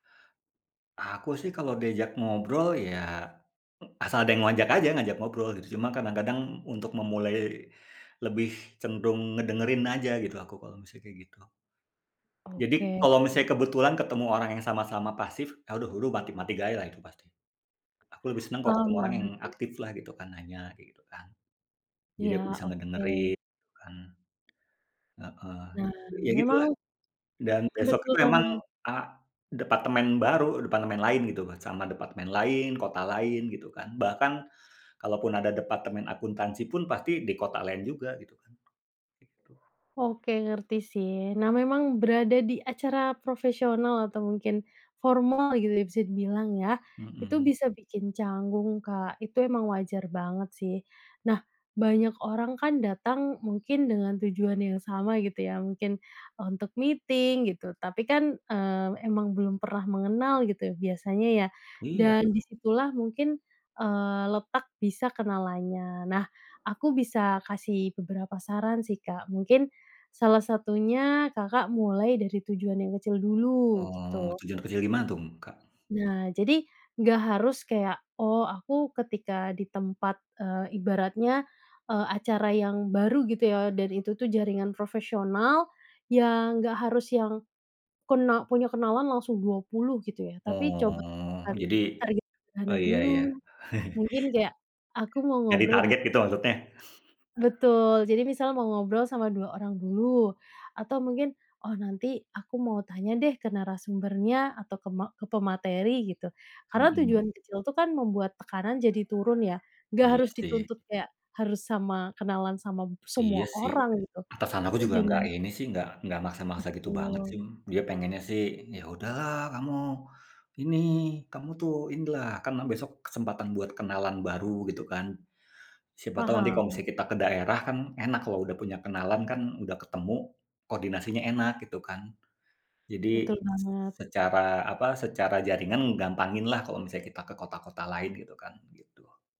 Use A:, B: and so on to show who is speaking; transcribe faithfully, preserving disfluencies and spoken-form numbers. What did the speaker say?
A: Aku sih kalau diajak ngobrol ya, asal ada yang ngoajak aja, ngajak ngobrol gitu, cuma kadang-kadang untuk memulai lebih cenderung ngedengerin aja gitu, aku kalau misalnya kaya gitu. Jadi
B: Oke.
A: kalau misalnya kebetulan ketemu orang yang sama-sama pasif, eee, uduh huruh mati mati gaya lah. Aku lebih senang kalo
B: Paham
A: kamu orang yang
B: banget sih.
A: aktif lah gitu kan, nanya, kaya gitu kan. Jadi
B: Iya,
A: aku bisa
B: oke.
A: ngedengerin kan. Heeh,
B: Nah,
A: ya gitu lah.
B: memang
A: Dan besoknya
B: Betul
A: memang
B: banget.
A: a departemen baru, departemen lain gitu mat sama departemen lain, kota lain gitu kan. Bahkan kalaupun ada departemen akuntansi pun, pasti di kota lain juga gitu kan, gitu.
B: Oke ngerti sih. Nah, memang berada di acara profesional atau mungkin formal gitu ya, bisa dibilang ya, itu
A: Mhm.
B: bisa bikin canggung, Kak. Itu emang wajar banget sih. Nah, banyak orang kan datang mungkin dengan tujuan yang sama gitu ya, mungkin untuk meeting, gitu. Tapi kan, eee, emang belum pernah mengenal gitu, biasanya ya,
A: Iya.
B: dan di situ lah mungkin, eee, letak bisa kenalannya. Nah, aku bisa kasih beberapa saran sih, Kak, mungkin salah satunya Kakak mulai dari tujuan yang kecil dulu,
A: Oh,
B: gitu.
A: tujuan kecil gimana tum, Kak?
B: Nah, jadi nggak harus kayak, oh aku ketika di tempat, eee, ibaratnya, eee, acara yang baru gitu ya, dan itu tuh jaringan profesional, yang nggak harus yang kena punya kenalan langsung dua puluh gitu ya. Tapi coba
A: Oh,
B: kan
A: jadi
B: target dana
A: oh iya iya.
B: dulu. Mungkin kayak, aku mau
A: Nyari
B: ngobrol deh
A: target gitu, maksudnya?
B: Betul. Jadi misal mau ngobrol sama dua orang dulu, atau mungkin, "Oh nanti aku mau tanya deh, ke narasumbernya atau ke ma ke pemateri," gitu, karena
A: Mhm.
B: tujuan kecil itu kan membuat tekanan jadi turun ya, nggak
A: Iya
B: harus
A: sih.
B: dituntut kayak, harus sama kenalan sama b
A: Iya
B: semua
A: sih,
B: orang gitu,
A: atasan aku
B: tapi
A: juga nggak
B: dengan
A: ini sih, nggak nggak maksa-maksa gitu banget
B: Betul.
A: sim, dia pengennya sih, "Ya udah lah kamu ini, kamu tuh ini lah, kan besok kesempatan buat kenalan baru gitu kan, siapa tahu nanti kalau
B: Paham.
A: misalnya kita ke daerah, kan enak kalau udah punya kenalan kan udah ketemu, koordinasinya enak," gitu kan. Jadi
B: Betul
A: s
B: banget.
A: secara apa, secara jaringan gampangin lah kalau kita ke kota-kota lain gitu kan, gitu.